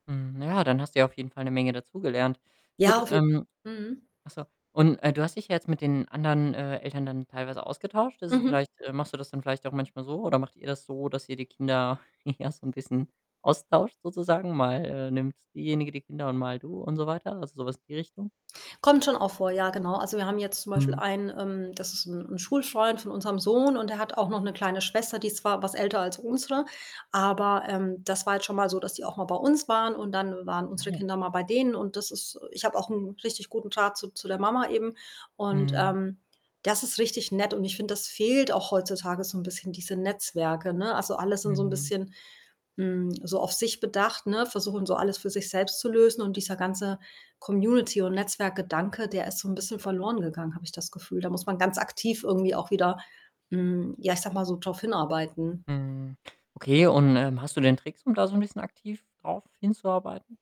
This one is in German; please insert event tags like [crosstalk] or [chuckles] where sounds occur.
Hm, na ja, dann hast du ja auf jeden Fall 'ne Menge dazugelernt. Gut, Ja, auf jeden ähm mhm. achso. Und, äh, du hast dich ja jetzt mit den anderen, äh, Eltern dann teilweise ausgetauscht. Ist es Mhm. vielleicht, äh machst du das dann vielleicht auch manchmal so oder macht ihr das so, dass ihr die Kinder, [chuckles] ja, so 'n bisschen austauscht sozusagen? Mal, äh, nimmt diejenige die Kinder und mal du und so weiter? Also, sowas in die Richtung? Kommt schon auch vor, ja, genau. Also, wir haben jetzt zum Beispiel Mhm. einen, ähm das ist 'n 'n Schulfreund von unserem Sohn und der hat auch noch 'ne kleine Schwester, die ist zwar was älter als unsere, aber, ähm, das war jetzt schon mal so, dass die auch mal bei uns waren und dann waren unsere Ah. Kinder mal bei denen. Und das ist, äh ich habe auch 'n richtig guten Draht zu zu der Mama eben. Und, Mhm. ähm, das ist richtig nett und ich finde, das fehlt auch heutzutage so 'n bisschen diese Netzwerke, ne? Also, alle sind so 'n Mhm. bisschen, hm, so auf sich bedacht, ne, versuchen, so alles für sich selbst zu lösen. Und dieser ganze Community und Netzwerkgedanke, der ist so 'n bisschen verloren gegangen, habe ich das Gefühl. Da muss man ganz aktiv irgendwie auch wieder, hm ja, ich sage mal, so drauf hinarbeiten. Mhm, okay. Und, ähm, hast du denn Tricks, um da so 'n bisschen aktiv drauf hinzuarbeiten?